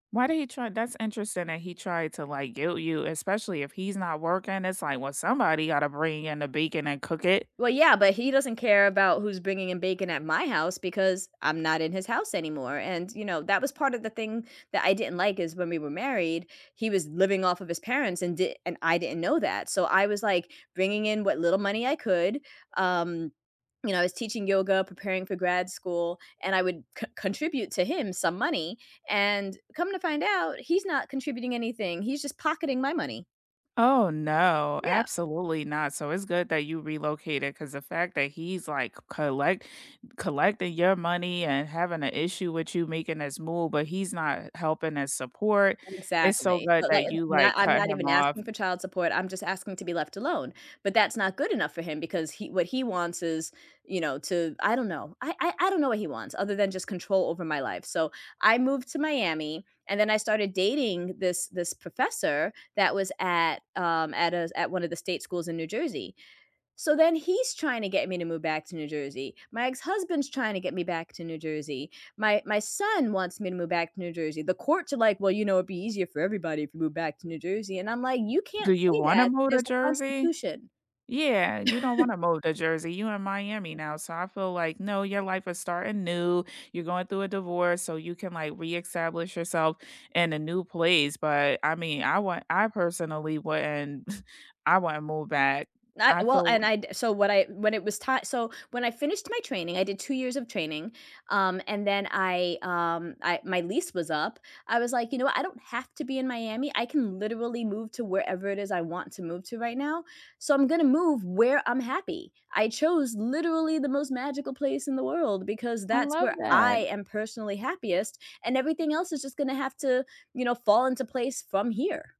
Why did he try that's interesting that he tried to, like, guilt you, especially if he's not working, it's, like, "Well, somebody gotta bring in the bacon and cook it." Well, yeah, but he doesn't care about who's bringing in bacon at my house, because I'm not in his house anymore, and, you know, that was part of the thing that I didn't like is when we were married, he was living off of his parents, and d and I didn't know that, so I was, like, bringing in what little money I could, um, you know, I was teaching yoga, preparing for grad school, and I would co contribute to him some money, and come to find out, he's not contributing anything, he's just pocketing my money. Oh, no, Yeah. absolutely not. So it's good that you relocated 'cause the fact that he's like c collect collecting your money and having an issue with you making this move, but he's not helping as support, it's so Exactly, good so, like, that i you, not like, I'm cut not him even off. asking for child support, I'm just asking to be left alone, but that's not good enough for him because he what he wants is, you know, to I don't know, I I I don't know what he wants other than just control over my life so I moved to Miami, and then I started dating this this professor that was at, um, at a at one of the state schools in New Jersey, so then he's trying to get me to move back to New Jersey, my ex-husband's trying to get me back to New Jersey, my my son wants me to move back to New Jersey, the courts are, like, "Well, you know, it'd be easier for everybody if you move back to New Jersey," and I'm, like, "You can't Do you say wanna that, move to there's a Jersey? constitution." Yeah, you don't wanna move to Jersey, you in Miami now, so I feel like, no, your life is starting new, you're going through a divorce, so you can like re-establish yourself in a new place, but I mean, I want I personally wouldn't, I wouldn't move back. Not I well, feel and I d so what I, when it was ti so when I finished my training, I did 2 years of training, um, and then I, um, I my lease was up, I was, like, you know, "I don't have to be in Miami, I can literally move to wherever it is I want to move to right now, so I'm gonna move where I'm happy," I chose literally the most magical place in the world, because I that's love where I that. am personally happiest, and everything else is just gonna have to, you know, fall into place from here.